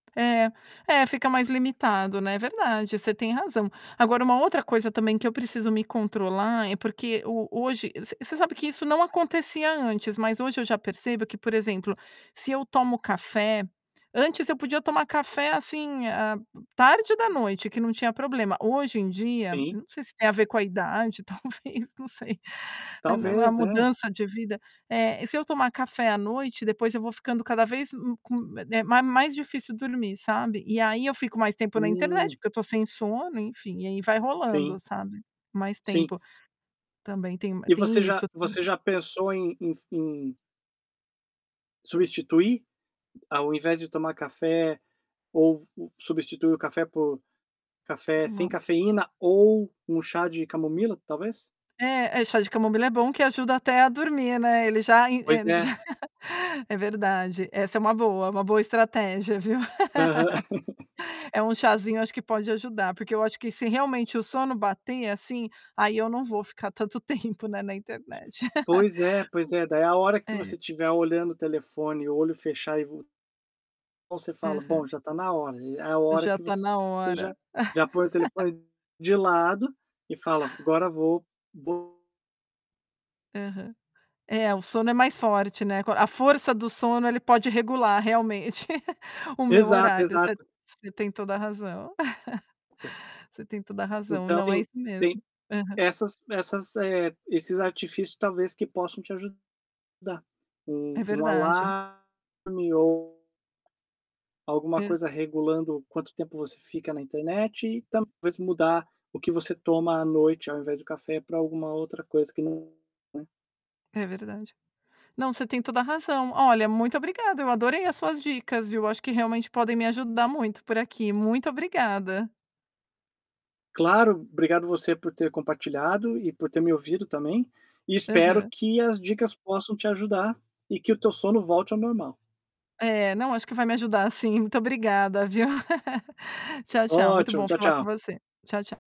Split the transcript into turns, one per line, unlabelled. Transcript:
É é fica mais limitado, né. É verdade, você tem razão. Agora uma outra coisa também que eu preciso me controlar, é porque o hoje você você sabe que isso não acontecia antes, mas hoje eu já percebo que, por exemplo, se eu tomo café antes eu podia tomar café, assim, eh, tarde da noite que não tinha problema. Hoje em dia,
Sim.
não sei se tem a ver com a idade, talvez, não sei, é na uma
Talvez, é.
mudança de vida. Eh, se eu tomar café à noite, depois eu vou ficando cada vez com eh, ma mais difícil dormir, sabe. E aí eu fico mais tempo na internet,
Hum.
porque eu tô sem sono, enfim, e aí vai
Sim.
rolando, sabe. Mais
Sim.
tempo. Também tem ma
E você
tem
já
isso
você
[unintelligible]
já pensou em em f em substituir, ao invés de tomar café ou substituir o café por
Por
café sem
uma
cafeína ou um chá de camomila, talvez?
É é chá de camomila é bom que ajuda até a dormir, né. Ele já in
Pois
eh,
é.
já é verdade. Essa é uma boa, uma boa estratégia, viu.
Aham.
É, um chazinho, acho que pode ajudar, porque eu acho que se realmente o sono bater assim, aí eu não vou ficar tanto tempo, né, na internet.
Pois é, pois é, daí a hora que
[unintelligible] É.
você tiver olhando o telefone e o olho fechar e vo você fala: "Bom,
Aham.
já tá na hora", aí é a hora
Já
que
tá
você
na
você já
hora.
já põe o telefone de lado e fala: "Vo agora vou vou"
Aham. É, o sono é mais forte, né. Quan a força do sono, ele pode regular realmente o meu
Exato,
horário. Você
exato.
você tem toda a razão.
Pode ser.
Você tem toda razão.
Então,
Não, é
sim.
isso
Tem
mesmo. Aham.
essas essas, eh, esses artifícios talvez que possam te ajudar.
É
Um um
verdade.
alarme ou alguma
Per
coisa regulando quanto tempo você fica na internet e talvez mudar o que você toma à noite ao invés do café pra alguma outra coisa que não, né.
É verdade. Não, você tem toda razão. Olha, muito obrigada, eu adorei as suas dicas, viu. Acho que realmente podem me ajudar muito por aqui. Muito obrigada.
Claro, obrigado você por ter compartilhado e por ter me ouvido também e espero
Aham.
que as dicas possam te ajudar e que o teu sono volte ao normal.
É, não, acho que vai me ajudar, sim. Muito obrigada, viu. Tchau, tchau. Muito
Ótimo,
bom
tchau,
falar com
tchau.
você. Tchau, tchau.